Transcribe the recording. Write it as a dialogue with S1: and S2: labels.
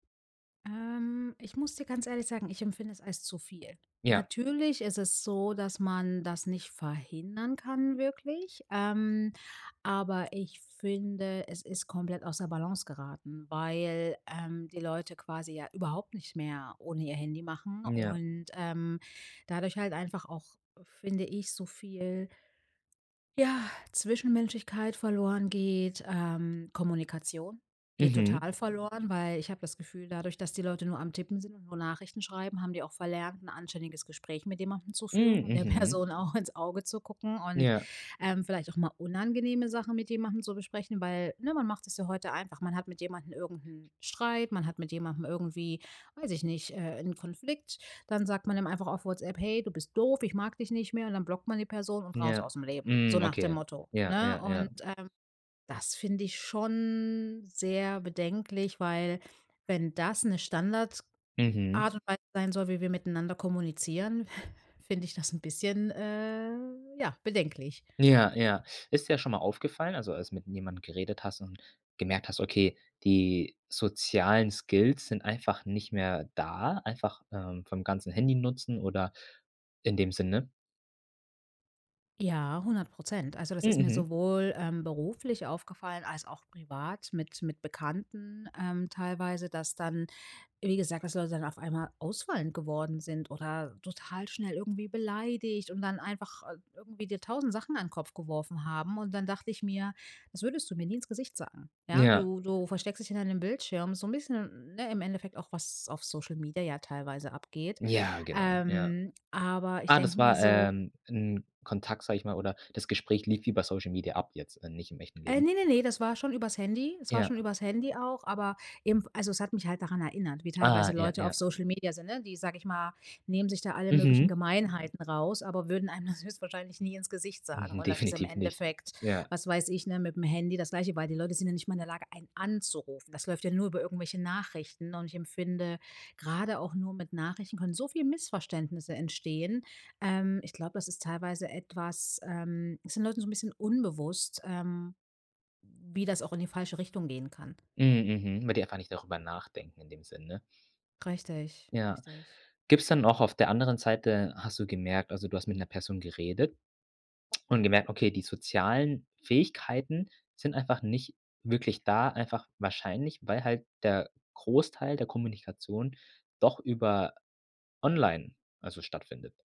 S1: Ähm, ich muss dir ganz ehrlich sagen, ich empfinde es als zu viel.
S2: Ja.
S1: Natürlich ist es so, dass man das nicht verhindern kann wirklich, ähm, aber ich finde, es ist komplett aus der Balance geraten, weil, ähm, die Leute quasi ja überhaupt nicht mehr ohne ihr Handy machen
S2: Ja.
S1: und, ähm, dadurch halt einfach auch, finde ich, so viel ja, Zwischenmenschlichkeit verloren geht. Ähm, Kommunikation geht
S2: Mhm.
S1: total verloren, weil ich hab das Gefühl, dadurch, dass die Leute nur am Tippen sind und nur Nachrichten schreiben, haben die auch verlernt, 'n anständiges Gespräch mit jemandem zu
S2: Hm,
S1: führen und der
S2: mhm.
S1: Person auch ins Auge zu gucken und,
S2: Ja.
S1: ähm, vielleicht auch mal unangenehme Sachen mit jemandem zu besprechen, weil ne, man macht sich's ja heute einfach. Man hat mit jemandem irgend 'n Streit, man hat mit jemandem irgendwie, weiß ich nicht, äh, 'n Konflikt, dann sagt man dem einfach auf Whatsapp: „Hey, du bist doof, ich mag dich nicht mehr“ Und dann blockt man die Person und raus
S2: Ja.
S1: ausm Leben. So
S2: Hm,
S1: nach dem
S2: okay.
S1: Motto,
S2: Ja,
S1: ne?
S2: ja,
S1: Und,
S2: ja.
S1: ähm, das finde ich schon sehr bedenklich, weil wenn das 'ne Standard
S2: Mhm.
S1: Art und Weise sein soll, wie wir miteinander kommunizieren, finde ich das 'n bisschen, äh, ja, bedenklich.
S2: Ja, ja. Ist dir das schon mal aufgefallen, also, als du mit jemandem geredet hast und gemerkt hast, okay, die sozialen Skills sind einfach nicht mehr da, einfach, ähm, vom ganzen Handynutzen oder in dem Sinne?
S1: Ja, 100 %. Also, das ist mir
S2: Mhm.
S1: sowohl, ähm, beruflich aufgefallen als auch privat mit mit Bekannten, ähm, teilweise, dass dann, wie gesagt, dass Leute dann auf einmal ausfallend geworden sind oder total schnell irgendwie beleidigt und dann einfach i irgendwie dir 1.000 Sachen an Kopf geworfen haben. Und dann dacht ich mir: „Das würdest du mir nie ins Gesicht sagen.“ Ja?
S2: Ja.
S1: Du du versteckst dich hinter deinem Bildschirm so 'n bisschen, ne, im Endeffekt auch, was auf Social Media ja teilweise abgeht.
S2: Ja, genau, ja.
S1: Ähm, aber ich
S2: Ah,
S1: denke
S2: das
S1: mir
S2: war,
S1: so
S2: ähm, 'n Kontakt, sage ich mal oder das Gespräch lief wie bei Social Media ab jetzt, nicht im echten
S1: Äh,
S2: Leben?
S1: ne, ne, ne, das war schon übers Handy das war schon
S2: Ja.
S1: übers Handy auch, aber eben also, es hat mich halt daran erinnert, wie
S2: Ah,
S1: teilweise
S2: ja,
S1: Leute auf
S2: ja.
S1: Social Media sind, ne? Die, sage ich mal, nehmen sich da alle möglichen
S2: Mhm.
S1: Gemeinheiten raus, aber würden einem das höchstwahrscheinlich nie ins Gesicht sagen.
S2: Mhm,
S1: Und das ist im
S2: definitiv nicht.
S1: Endeffekt,
S2: Ja.
S1: was weiß ich, ne, mitm Handy das Gleiche, weil die Leute sind ja nicht mal in der Lage, einen anzurufen. Das läuft ja nur über irgendwelche Nachrichten. Und ich empfinde, grade auch nur mit Nachrichten können so viel Missverständnisse entstehen. Ähm, ich glaub, das ist teilweise etwas, ähm ist den Leuten so 'n bisschen unbewusst, ähm, wie das auch in die falsche Richtung gehen kann.
S2: Mhm, mhm, weil die einfach nicht drüber nachdenken in dem Sinn, ne?
S1: Richtig,
S2: Ja.
S1: richtig.
S2: Gibt's denn auch auf der anderen Seite hast du gemerkt also, du hast mit 'ner Person geredet und gemerkt, okay, die sozialen Fähigkeiten sind einfach nicht wirklich da, einfach wahrscheinlich, weil halt der Großteil der Kommunikation doch über online, also, stattfindet?